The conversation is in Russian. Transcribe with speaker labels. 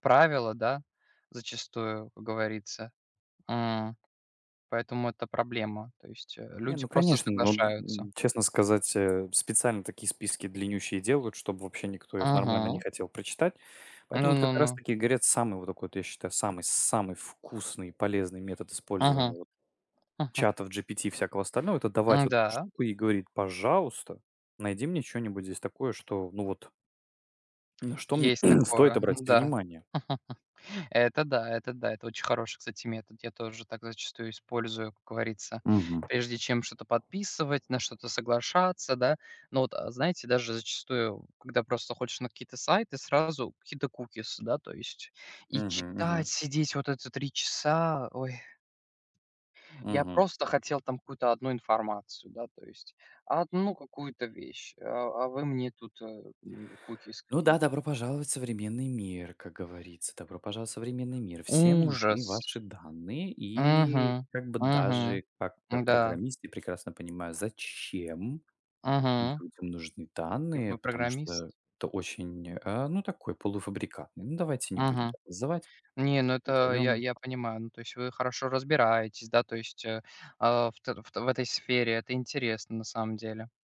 Speaker 1: Правила, да, зачастую, как говорится. М. Поэтому это проблема, то есть, э,
Speaker 2: Не,
Speaker 1: люди
Speaker 2: ну
Speaker 1: просто
Speaker 2: конечно, ну,
Speaker 1: соглашаются.
Speaker 2: н честно сказать, э, специально такие списки длиннющие и делают, чтоб вообще никто их нормально не
Speaker 1: Мгм.
Speaker 2: хотел прочитать.
Speaker 1: Ну
Speaker 2: Поэтому вот
Speaker 1: ну
Speaker 2: как раз
Speaker 1: ну.
Speaker 2: таки говорят, самый вот так, я считаю, самый самый вкусный и полезный метод использования,
Speaker 1: Мгм.
Speaker 2: вот, чатов GPT и всякого остального- это давать вот эту
Speaker 1: М-да.
Speaker 2: штуку и говорить: "Пожалуйста, найди мне чё-нибудь здесь такое, что, ну вот" на что мне
Speaker 1: Есть
Speaker 2: стоит
Speaker 1: такое.
Speaker 2: обратить
Speaker 1: М-да.
Speaker 2: внимание?
Speaker 1: Это да это да, это очень хороший, кстати, метод. Я тоже так зачастую использую, как говорится,
Speaker 2: Мгм.
Speaker 1: прежде чем что-то подписывать, на что-то соглашаться, да. Но, вот, знаете, даже зачастую, когда просто заходишь на какие-то сайты, сразу какие-то кукис да, то есть. И
Speaker 2: Мгм,
Speaker 1: читать
Speaker 2: мгм.
Speaker 1: сидеть вот это 3 часа. Ой. Я
Speaker 2: Мгм.
Speaker 1: просто хотел, там, какую-то 1 информацию, да, то есть, 1 какую-то вещь, э, а вы мне тут, э, ну, кукис
Speaker 2: Ну
Speaker 1: какие-то.
Speaker 2: да, добро пожаловать в современный мир, как говорится. Добро пожаловать в современный мир. Всем нужны
Speaker 1: Ужас.
Speaker 2: ваши данные и
Speaker 1: Мгм,
Speaker 2: как бы
Speaker 1: мгм,
Speaker 2: даже как
Speaker 1: м-да.
Speaker 2: программист я прекрасно понимаю, зачем
Speaker 1: Мгм.
Speaker 2: людям нужны
Speaker 1: И
Speaker 2: данные,
Speaker 1: вы
Speaker 2: потому
Speaker 1: программист?
Speaker 2: что это очень, э, ну такой, полуфабрикатный. Ну, давайте не будем
Speaker 1: Мгм.
Speaker 2: так называть,
Speaker 1: Не, ну, это я
Speaker 2: назовем
Speaker 1: я понимаю, ну, то есть, вы хорошо разбираетесь, да, то есть, э, а, вт в этой сфере, это интересно, на самом деле.